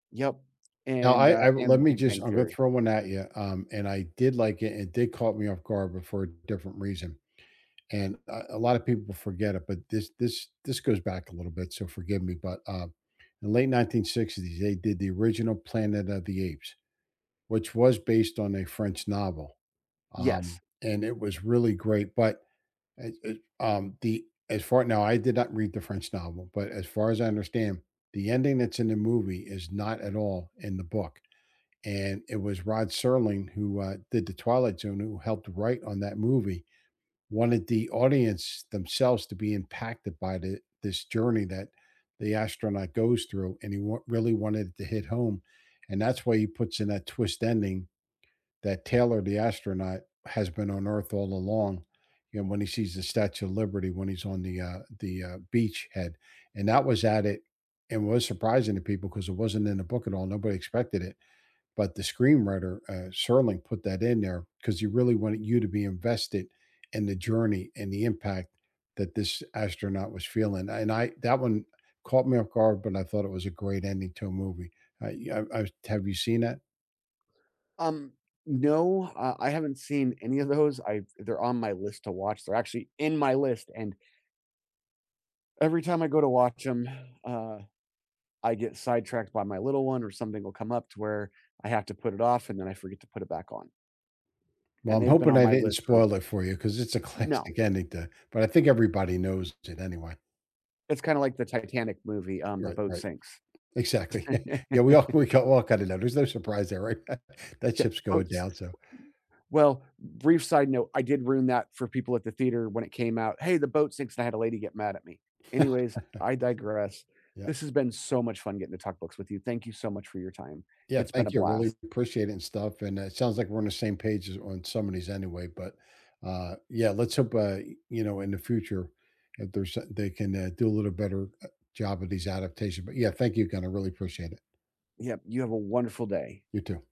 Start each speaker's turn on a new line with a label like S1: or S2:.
S1: Yep,
S2: Now
S1: and,
S2: I
S1: uh
S2: I let
S1: and
S2: me
S1: Big
S2: just
S1: Bang
S2: I'm gonna
S1: Theory.
S2: throw one at ya, um, and I did like it, and it did caught me off guard, but for a different reason, and, uh, a lotta people forget it, but this this this goes back a little bit, so forgive me, but, um, in late 1960s, they did the original Planet of the Apes, which was based on a French novel, um,
S1: Yes.
S2: and it was really great, but, uh uh, um, the as far Now, I did not read the French novel, but as far as I understand, the ending that's in the movie is not at all in the book, and it was Rod Serling, who, uh, did The Twilight Zone, who helped write on that movie, wanted the audience themselves to be impacted by the this journey that the astronaut goes through, and he wa really wanted it to hit home, and that's why he puts in that twist ending that Taylor, the astronaut, has been on Earth all along, you know, when he sees the Statue of Liberty when he's on the, uh the, uh, beachhead. And that was at it and was surprising to people 'cause it wasn't in the book at all, nobody expected it. But the screenwriter, uh, Serling, put that in there 'cause he really wanted you to be invested in the journey and the impact that this astronaut was feeling. I and I that one caught me off guard, but I thought it was a great ending to a movie, uh yeah, I was to have you seen that?
S1: Um, no, uh, I haven't seen any of those. I've they're on my list to watch. They're actually in my list, and every time I go to watch 'em, uh, I get sidetracked by my little one or something will come up to where I have to put it off, and then I forget to put it back on
S2: Well,
S1: and
S2: I'm
S1: they've been
S2: hoping
S1: on
S2: I
S1: my
S2: didn't
S1: list for
S2: spoil it for you 'cause it's a
S1: No.
S2: classic ending to but I think everybody knows it anyway.
S1: It's kinda like the Titanic movie, um, the
S2: Right,
S1: boat
S2: right.
S1: sinks.
S2: Exactly. Yeah, we of we k all kinda know. There's no surprise there, right? That
S1: Yeah,
S2: ship's going
S1: boats
S2: down, so
S1: w Well, brief side note, I did ruin that for people at the theater when it came out, "Hey, the boat sinks," and I had a lady get mad at me. Anyways, I digress,
S2: Yep.
S1: this has been so much fun getting to talk books with you. Thank you so much for your time.
S2: Yeah,
S1: It's been a
S2: thank you, really
S1: blast.
S2: 'preciate and stuff, and, uh, it sounds like we're on the same page as on some of these anyway, but, uh, yeah, let's hope, I you know, in the future if there's, uh they can, uh, do a little better, uh, job of these adaptation but yeah, thank you again, I really appreciate it.
S1: Yep, you have a wonderful day.
S2: You too.